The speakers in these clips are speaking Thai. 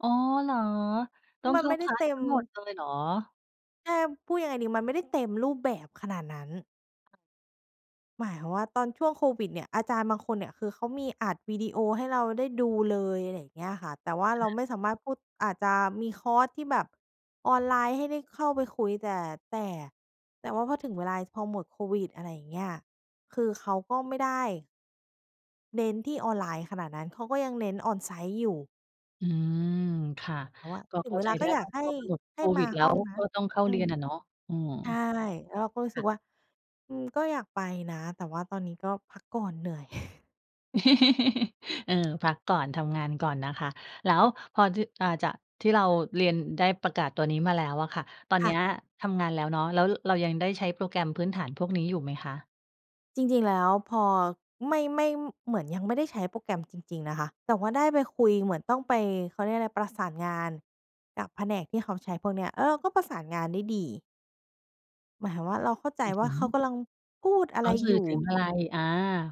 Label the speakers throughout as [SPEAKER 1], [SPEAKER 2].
[SPEAKER 1] อ๋อ เหรอ
[SPEAKER 2] ซ
[SPEAKER 1] ต
[SPEAKER 2] ึ่
[SPEAKER 1] ้
[SPEAKER 2] ง
[SPEAKER 1] อง
[SPEAKER 2] มั
[SPEAKER 1] เ
[SPEAKER 2] น
[SPEAKER 1] ข้
[SPEAKER 2] ไ
[SPEAKER 1] า
[SPEAKER 2] ม่ไ
[SPEAKER 1] ค
[SPEAKER 2] ด้
[SPEAKER 1] ลา
[SPEAKER 2] เต
[SPEAKER 1] ส
[SPEAKER 2] ็
[SPEAKER 1] ท
[SPEAKER 2] ม
[SPEAKER 1] ั้งหมดเลยเหรอ?
[SPEAKER 2] ใช่ พูดยังไงดี? มันไม่ได้เต็มรูปแบบขนาดนั้น
[SPEAKER 1] อา
[SPEAKER 2] หมายความว่า ตอนช่วงโควิดเนี่ย อาจารย์บางคนเนี่ย คือเขามีอัดวิดีโอให้เราได้ดูเลย อะไรอย่างเงี้ยค่ะ แต่ว่าเร
[SPEAKER 1] อ
[SPEAKER 2] า
[SPEAKER 1] า
[SPEAKER 2] ไม่สามารถพูด อาจจะมีคอร์สที่แบบ ออนไลน์ให้ได้เข้าไปคุย แต่ แต่ แต่ว่าพอถึงเวลา พอหมดโควิด อะไรอย่างเงี้ย คือเขาก็ไม่ได้ เน้นที่ออนไลน์ขนาดนั้น เขาก็ยังเน้น on-site อยู่
[SPEAKER 1] อืม ค่ะ
[SPEAKER 2] แต่ว่า
[SPEAKER 1] ก็
[SPEAKER 2] ถ
[SPEAKER 1] เ
[SPEAKER 2] ึ
[SPEAKER 1] ข้
[SPEAKER 2] ง
[SPEAKER 1] า
[SPEAKER 2] เว
[SPEAKER 1] ใจ
[SPEAKER 2] ลา
[SPEAKER 1] ไ
[SPEAKER 2] ก
[SPEAKER 1] ด
[SPEAKER 2] ็
[SPEAKER 1] ้
[SPEAKER 2] อย
[SPEAKER 1] ว
[SPEAKER 2] า
[SPEAKER 1] ่
[SPEAKER 2] ก
[SPEAKER 1] า
[SPEAKER 2] ให
[SPEAKER 1] พ
[SPEAKER 2] ้
[SPEAKER 1] อหมดโ
[SPEAKER 2] ให
[SPEAKER 1] ค
[SPEAKER 2] ้ม
[SPEAKER 1] วิ
[SPEAKER 2] า
[SPEAKER 1] ด แล้
[SPEAKER 2] ห้อ
[SPEAKER 1] ว
[SPEAKER 2] งน
[SPEAKER 1] ก
[SPEAKER 2] ะ
[SPEAKER 1] ็ต้องเข้า
[SPEAKER 2] อื
[SPEAKER 1] เรีย
[SPEAKER 2] ม
[SPEAKER 1] นอะเนาะ อืม
[SPEAKER 2] ใช่ แล้วเราก็รู้
[SPEAKER 1] ค
[SPEAKER 2] สึ
[SPEAKER 1] ่
[SPEAKER 2] ก
[SPEAKER 1] ะ
[SPEAKER 2] ว่า "อืม ก็อยากไปนะ แต่ว่าตอนนี้ก็พักก่อนเหนื่อย"
[SPEAKER 1] เออ พักก่อน ทำงานก่อนนะคะ แล้วพอ จ อ่า จะ ที่เราเรียนได้ประกาศตัวนี้มาแล้วอะค่ะ ตอน
[SPEAKER 2] ค
[SPEAKER 1] เ
[SPEAKER 2] ่
[SPEAKER 1] นี้
[SPEAKER 2] ะ
[SPEAKER 1] ยทำงานแล้วเนาะ แล้วเรายังได้ใช้โปรแกรมพื้นฐานพวกนี้อยู่ไหมคะ?
[SPEAKER 2] จริง ๆ แล้วพอไม่ ไม่ เหมือนยังไม่ได้ใช้โปรแกรมจริง ๆ นะคะ แต่ว่าได้ไปคุยเหมือนต้องไป เขาเรียกอะไร ประสานงานกับแผนกที่เขาใช้พวกเนี้ย แล้วเราก็ประสานงานได้ดี หมายความว่า เราเข้าใจ
[SPEAKER 1] หมาย
[SPEAKER 2] ว
[SPEAKER 1] ถ
[SPEAKER 2] ่า
[SPEAKER 1] ึง
[SPEAKER 2] เขากำลังพูดอะ
[SPEAKER 1] เข
[SPEAKER 2] ไร
[SPEAKER 1] าสื
[SPEAKER 2] อย
[SPEAKER 1] ่
[SPEAKER 2] ู
[SPEAKER 1] อ
[SPEAKER 2] ่
[SPEAKER 1] ถึงอะไร อา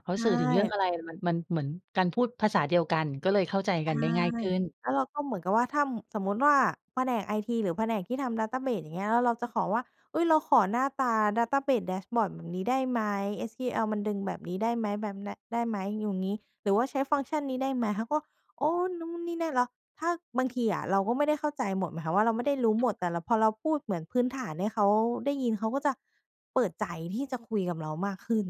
[SPEAKER 1] เขา
[SPEAKER 2] ใช
[SPEAKER 1] สื่อถึงเรื่อง
[SPEAKER 2] ่
[SPEAKER 1] อะไร? มัน มันเหมือนการพูดภาษาเดียวกัน ก็เลยเข้าใจ
[SPEAKER 2] ใช
[SPEAKER 1] กั
[SPEAKER 2] ่
[SPEAKER 1] นได้ง่ายขึ้น
[SPEAKER 2] แล้วเราก็เหมือนกับว่า ถ้าสมมุติว่า แผนกไอทีหรือแผนกที่ทำดาตาเบส อย่างเงี้ย แล้วเราจะขอว่า "เฮ้ย เราขอหน้าตา Database Dashboard แบบนี้ได้ไหม SEL มันดึงแบบนี้ได้ไหม แบบ น ได้ไหม" อยู่งี้ หรือว่า "ใช้ฟังก์ชั่นนี้ได้ไหม" เขาก็ โอ้ นู่นนี่นั่นแล้ว ถ้า บางทีอะเราก็ไม่ได้เข้าใจหมดหมายความว่า เราไม่ได้รู้
[SPEAKER 1] ค
[SPEAKER 2] หม
[SPEAKER 1] ่ะ
[SPEAKER 2] ด แต่เรา พอเราพูดเหมือนพื้นฐานให้เขาได้ยิน เขาก็จะเปิดใจ ที่จะคุยกับเรามากขึ้น